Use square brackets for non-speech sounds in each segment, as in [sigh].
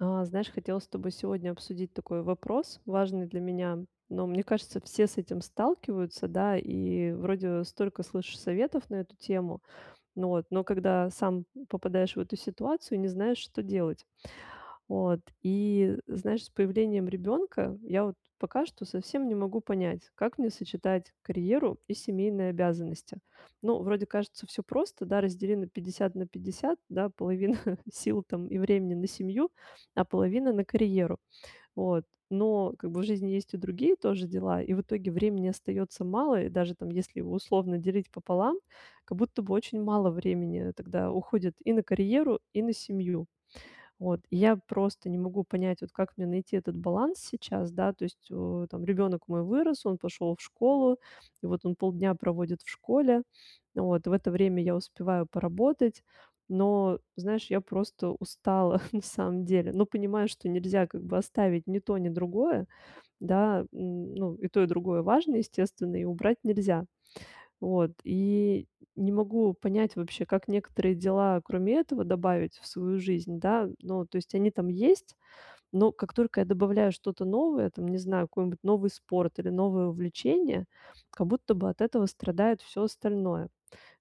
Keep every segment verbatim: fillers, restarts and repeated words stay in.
А знаешь, хотелось с тобой сегодня обсудить такой вопрос важный для меня, но, мне кажется, все с этим сталкиваются, да, и вроде столько слышишь советов на эту тему, но вот, но когда сам попадаешь в эту ситуацию, не знаешь, что делать. Вот и, знаешь, с появлением ребенка я вот пока что совсем не могу понять, как мне сочетать карьеру и семейные обязанности. Ну, вроде кажется всё просто, да, раздели на пятьдесят на пятьдесят, да, половина [chuckles] сил там и времени- на семью, а половина- на карьеру, вот. Но как бы в жизни есть и другие тоже дела, и в итоге времени остаётся мало. И даже там если условно делить пополам, как будто бы очень мало времени тогда уходит и на карьеру, и на семью. Вот, и я просто не могу понять, вот как мне найти этот баланс сейчас, да, то есть у там ребенок мой вырос, он пошел в школу вот, он полдня проводит в школе. Вот в это время я успеваю поработать, но, знаешь, я просто устала [chuckles] на самом деле, но понимаю, что нельзя как бы оставить ни то, ни другое, да. Ну, и то, и другое важно, естественно, и убрать нельзя. Вот и не могу понять вообще, как некоторые дела кроме этого добавить в свою жизнь, да. Ну, то есть они там есть, но как только я добавляю что-то новое, там, не знаю, какой-нибудь новый спорт или новое увлечение, как будто бы от этого страдает всё остальное.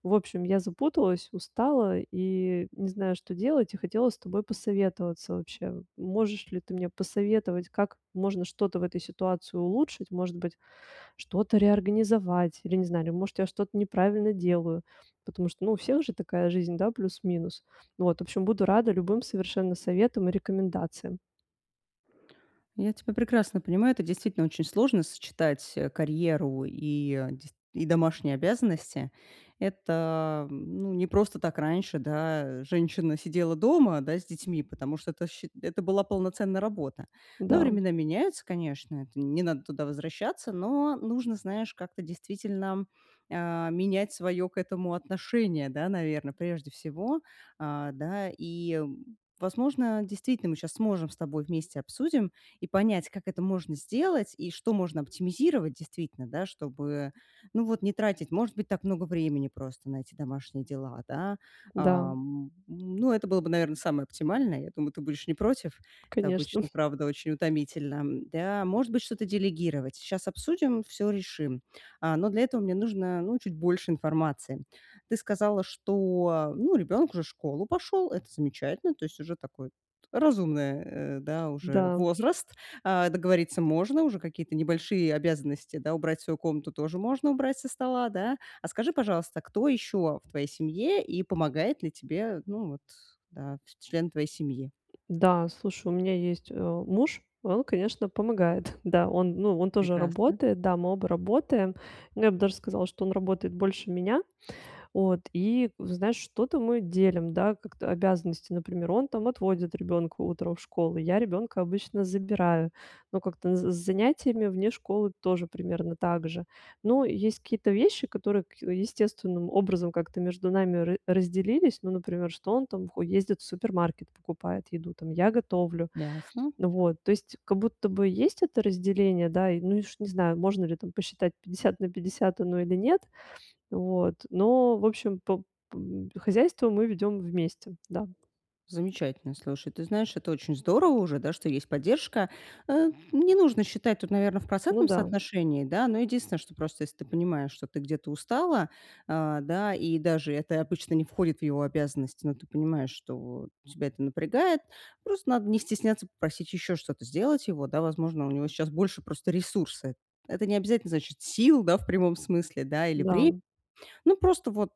В общем, я запуталась, устала и не знаю, что делать и хотела с тобой посоветоваться вообще. Можешь ли ты мне посоветовать, как можно что-то в этой ситуации улучшить, может быть, что-то реорганизовать или, не знаю, или может я что-то неправильно делаю, потому что, ну, у всех же такая жизнь, да, плюс-минус. Вот, в общем, буду рада любым совершенно советам и рекомендациям. Я тебя прекрасно понимаю, это действительно очень сложно сочетать, а, карьеру и деc и домашние обязанности. Это, м, ну, не просто так раньше, да, женщина сидела дома, да, с детьми, потому что это счи это была полноценная работа. Но Да. времена меняются, конечно, это не надо туда возвращаться, но нужно, знаешь, как-то действительно, э, менять своё к этому отношение, да, наверно, прежде всего, а, да, и, возможно, действительно мы щас сможем с тобой, вместе обсудим и понять, как это можно сделать и что можно оптимизировать действительно, да, чтобы, ну, вот не тратить, может быть, так много времени просто на эти домашние дела, да. Да. А, м, ну, это было бы, наверно, самое оптимальное. Я думаю, ты будешь не против. Это Конечно. обычно, [chuckles] правда, очень утомительно, м, да. Может быть, что-то делегировать. Сейчас обсудим, всё решим. А, но для этого мне нужно, ну, чуть больше информации. Ты сказала, что, ну, ребенок уже в школу пошел. Это замечательно. То есть уже такой разумное, э, да, уже Да. возраст, а, договориться можно. Уже какие-то небольшие обязанности, да, убрать свою комнату тоже можно, убрать со стола, да? А скажи, пожалуйста, кто ещё в твоей семье, и помогает ли тебе, ну вот, да, члены твоей семьи? Да, слушай, у меня есть, а, муж, и он, конечно, помогает, да. Он, ну, он тоже Прекрасно. работает, да, мы оба работаем, но я бы даже сказала, что он работает больше меня, вот и, вот знаешь, что-то мы делим, да, как-то обязанности, например. Он там отводит ребёнка утром в школу, я ребёнка обычно забираю, но как-то с з занятиями вне школы тоже примерно так же. Но есть какие-то вещи, которые ка естественным образом как-то между нами ра разделились, ну, например, что он там хо ездит в супермаркет, покупает еду там, я готовлю, Ясно. вот, то есть как будто бы есть это разделение, да, и, ну, уж не знаю, можно ли там посчитать пятьдесят на пятьдесят оно или нет, вот но, в общем, по по хозяйство мы ведём вместе, да. Замечательно. Слушай, ты знаешь, это очень здорово уже, да, что есть поддержка. А, не нужно считать тут, наверно, в Ну процентном да. соотношении, да. Но единственное, что, просто если ты понимаешь, что ты где-то устала, а, да, и даже это обычно не входит в его обязанности, но ты понимаешь, что тебя это напрягает, просто надо не стесняться попросить ещё что-то сделать его, да. Возможно, у него сейчас больше просто ресурсы. Это не обязательно значит сил, да, в прямом смысле, да, или Да. времи Ну, просто вот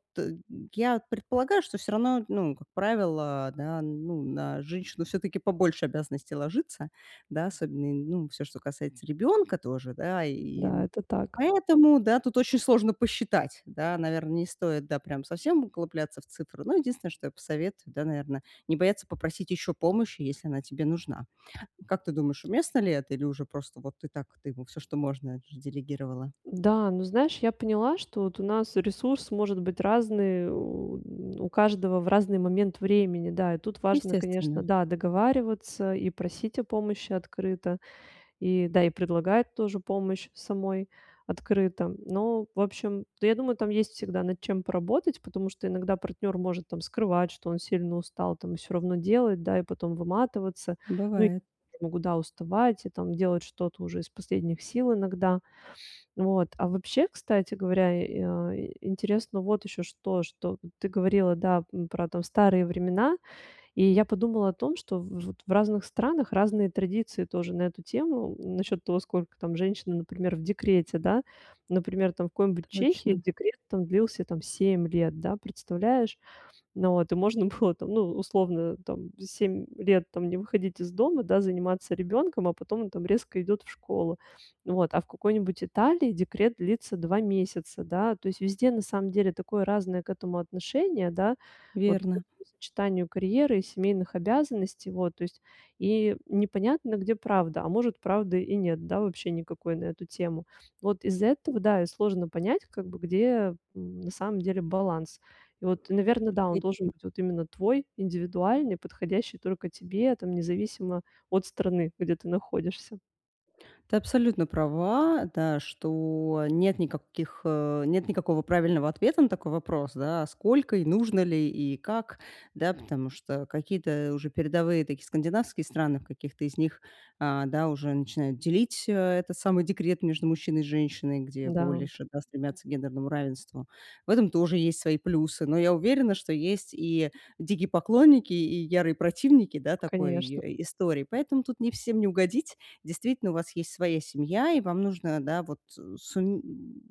я предполагаю, что всё равно, ну, как правило, да, ну, на женщину все-таки побольше обязанностей ложится, да? Особенно, ну, всё, что касается ребёнка тоже, да. И Да, это так. поэтому, да, тут очень сложно посчитать, да. Наверное, не стоит, да, прям совсем углубляться в цифры. Ну, единственное, что я посоветую, да, наверное, не бояться попросить ещё помощи, если она тебе нужна. Как ты думаешь, уместно ли это, или уже просто вот ты так, ты ему всё, что можно, делегировала? Да, ну знаешь, я поняла, что вот у нас ресурс может быть разный у каждого в разный момент времени, да, и тут важно, конечно, Естественно. да, договариваться и просить о помощи открыто, и да, и предлагать тоже помощь самой открыто, но в общем да, я думаю, там есть всегда над чем поработать, потому что иногда партнер может там скрывать, что он сильно устал, там всё равно делать, да, и потом выматываться, ну, и Бывает. могу, да, уставать и там делать что-то уже из последних сил иногда. Вот, а, вообще, кстати говоря, э, а, ин интересно вот ещё что, что ты говорила, да, м, про там старые времена, и я подумала о том, что в вот в разных странах разные традиции тоже на эту тему, насчет того, сколько там женщины, например, в декрете, да. Например, там в какой-нибудь Чехии Точно. декрет там длился там семь лет, да представляешь? Ну вот, и можно было там, ну, условно там семь лет там не выходить из дома, да, заниматься ребёнком, а потом он там резко идет в школу. Вот, а в какой-нибудь Италии декрет длится два месяца, да, то есть везде на самом деле такое разное к этому отношение, да, вот к Верно. этому сочетанию карьеры и семейных обязанностей, вот то есть, и непонятно, где правда. А, может, правда и нет, да, вообще никакой на эту тему, вот из этого, да, и сложно понять как бы, где, м, на самом деле баланс. И вот, наверно, да, он должен быть вот именно твой, индивидуальный, подходящий только тебе, там независимо от страны, где ты находишься. Ты абсолютно права, да, что нет никаких, э, нет никакого правильного ответа на такой вопрос, да, сколько и нужно ли, и как, да. Потому что какие-то уже передовые такие скандинавские страны, в каких-то из них, а, да, уже начинают делить э этот самый декрет между мужчиной и женщиной, где Да. больше, да, стремятся к гендерному равенству. В этом тоже есть свои плюсы. Но я уверена, что есть и дикие поклонники, и ярые противники, да, такой Конечно. и истории. Поэтому тут не всем не угодить. Действительно, у вас есть своя семья, и вам нужно, да, вот, э, сум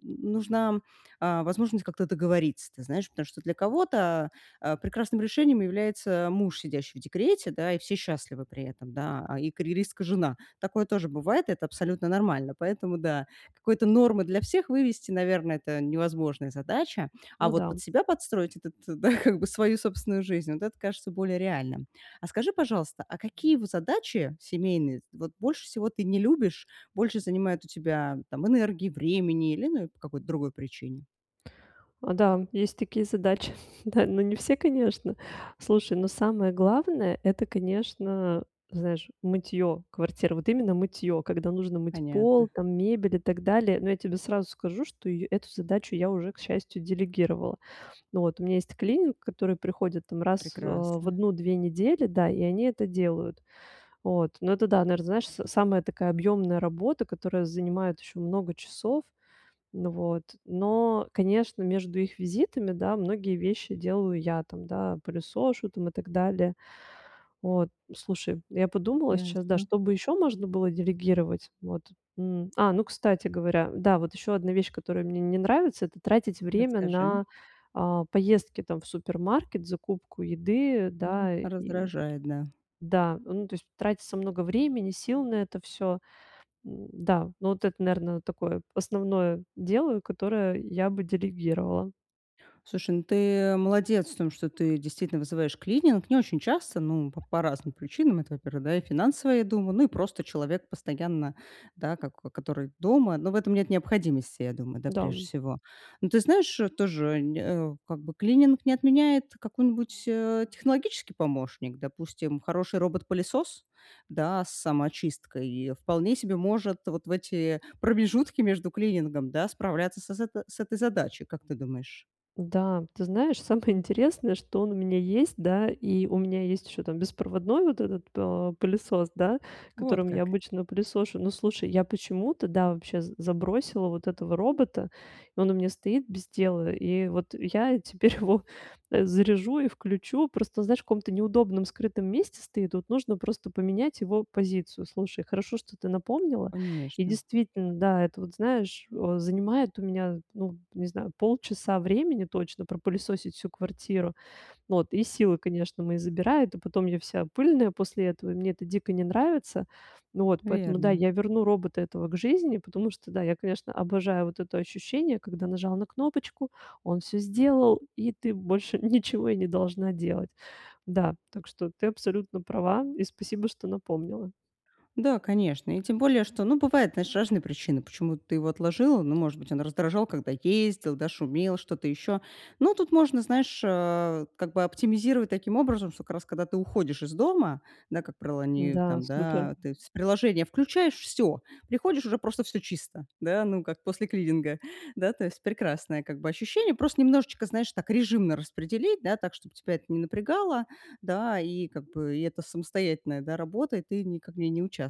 нужна, а, возможность как-то договориться, ты знаешь, потому что для кого-то, а, прекрасным решением является муж, сидящий в декрете, да, и все счастливы при этом, да, и карьеристка жена. Такое тоже бывает, это абсолютно нормально. Поэтому, да, какой-то нормы для всех вывести, наверно, это невозможная задача, а Ну вот да. под себя подстроить этот, да как бы, свою собственную жизнь, вот это кажется более реальным. А скажи, пожалуйста, а какие вы задачи семейные вот больше всего ты не любишь, больше занимает у тебя там энергии, времени или, ну, по какой-то другой причине? Да, есть такие задачи, [chuckles] да, но не все, конечно. Слушай, но самое главное- это, конечно, знаешь, мытьё квартиры, вот именно мытьё, когда нужно мыть Понятно. пол, там, мебель и так далее, но я тебе сразу скажу, что и эту задачу я уже, к счастью, делегировала. Вот, у меня есть клининг, который приходит, там, раз, а, в Прекрасно! одну две недели, да, и они это делают. Вот, но это, да, наверно, знаешь, с самая такая объемная работа, которая занимает ещё много часов, ну, вот, но, конечно, между их визитами, да, многие вещи делаю я, там, да, пылесошу, там, и так далее. Вот, слушай, я подумала сейчас, да, Ясно. что бы ещё можно было делегировать. Вот, м, а, ну, кстати говоря, да, вот ещё одна вещь, которая мне не нравится- это тратить время Расскажи. на, а, поездки, там, в супермаркет, закупку еды, Ну, да, и раздражает, да. Да, ну то есть, тратится много времени, сил на это всё, да, ну, вот это, наверное, такое основное дело, которое я бы делегировала. Слушай, ну, ты молодец в том, что ты действительно вызываешь клининг. Не очень часто, ну, по по разным причинам. Это, во-первых, да, и финансово я дума ну, и просто человек постоянно, да, как который дома. Но в этом нет необходимости, я думаю, да, прежде Да. всего. Ну, ты знаешь, тоже, нь э, как бы клининг не отменяет какой-нибудь, э, технологический помощник. Допустим, хороший робот-пылесос, да, с самоочисткой вполне себе может вот в эти промежутки между клинингом, да, справляться с с с этой задачей. Как ты думаешь? Да, ты знаешь, самое интересное, что он у меня есть. Да, и у меня есть ещё там беспроводной вот этот, э, пылесос, да, Вот которым я как! обычно пылесошу. Ну, слушай, я почему-то, да, вообще з забросила вот этого робота, и он у меня стоит без дела, и вот я теперь его заряжу и включу. Просто, знаешь, в каком-то неудобном, скрытом месте стоит, вот, нужно просто поменять его позицию. Слушай, хорошо, что ты напомнила, и, Конечно. действительно, да, это, вот знаешь, о занимает у меня, ну, не знаю, полчаса времени точно. Пропылесосить всю квартиру, вот, и силы, конечно, мои забирает, и потом я вся пыльная после этого, мне это дико не нравится, вот поэтому, да, Верно. я верну робота этого к жизни. Потому что, да, я, конечно, обожаю вот это ощущение, когда нажал на кнопочку, он всё сделал, и ты больше ничего и не должна делать. Да, так что ты абсолютно права, и спасибо, что напомнила. Да, конечно. И тем более, что, ну, бывают, знаешь, разные причины, почему ты его отложила. Ну, может быть, он раздражал, когда ездил, да, шумел, что-то ещё. Ну, тут можно, знаешь, а, как бы оптимизировать таким образом, что как раз когда ты уходишь из дома, да, как правило, они Да, там, супер. да, то есть с приложения включаешь, всё, приходишь- уже просто всё чисто, да, ну, как после клининга. Да, то есть прекрасное, как бы ощущение, просто немножечко, знаешь, так режимно распределить. Да, так, чтобы тебя это не напрягало, да, и как бы это самостоятельная, да, работа, и ты никак в ней не участвовала.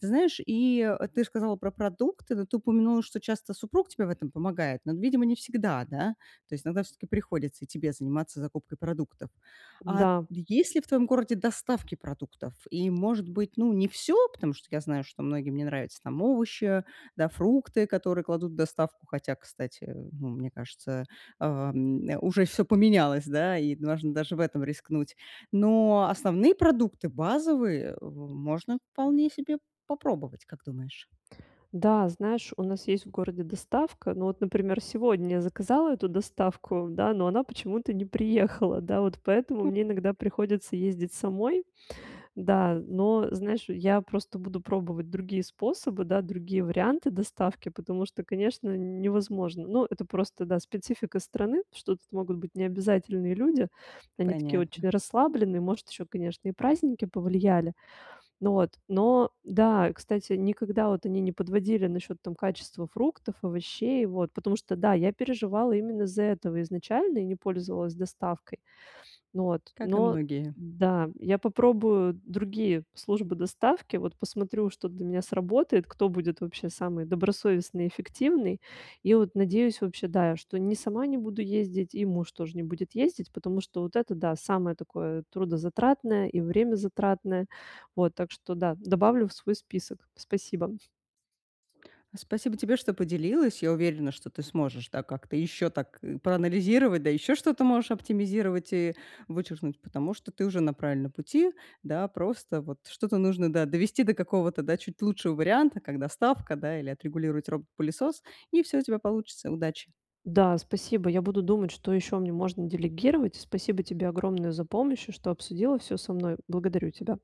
Ты знаешь, и ты сказала про продукты, но ты упомянула, что часто супруг тебе в этом помогает, но, видимо, не всегда, да? То есть иногда всё-таки приходится и тебе заниматься закупкой продуктов. А Да. есть ли в твоем городе доставки продуктов? И, может быть, ну, не всё, потому что я знаю, что многим не нравится там овощи, да, фрукты, которые кладут в доставку, хотя, кстати, мне кажется, э, м, уже всё поменялось, да, и можно даже в этом рискнуть. Но основные продукты, базовые, в можно вполне себе попробовать, как думаешь? Да, знаешь, у нас есть в городе доставка, но вот, например, сегодня я заказала эту доставку, да, но она почему-то не приехала. Да, вот поэтому Ну. мне иногда приходится ездить самой. Да, но знаешь, я просто буду пробовать другие способы, да, другие варианты доставки. Потому что, конечно, невозможно но это просто, да, специфика страны, что тут могут быть необязательные люди. Они такие Понятно. очень расслабленные, может, ещё, конечно, и праздники повлияли. Вот, но, да, кстати, никогда вот они не подводили насчёт, там, качества фруктов, овощей, вот потому что, да, я переживала именно из-за этого изначально и не пользовалась доставкой. Вот, Как и но, многие. да, я попробую другие службы доставки, вот, посмотрю, что для меня сработает, кто будет вообще самый добросовестный, эффективный, и вот надеюсь вообще, да, что не сама не буду ездить и муж тоже не будет ездить. Потому что вот это, да, самое такое трудозатратное и времязатратное, вот, так что, да, добавлю в свой список. Спасибо. Спасибо тебе, что поделилась. Я уверена, что ты сможешь, да, как-то ещё так проанализировать, да, ещё что-то можешь оптимизировать и вычеркнуть, потому что ты уже на правильном пути. Да, просто, вот, что-то нужно, да, довести до какого-то, да, чуть лучшего варианта, как доставка, да, или отрегулировать робот-пылесос, и всё у тебя получится. Удачи! Да, спасибо, я буду думать, что ещё мне можно делегировать. Спасибо тебе огромное за помощь и что обсудила всё со мной. Благодарю тебя!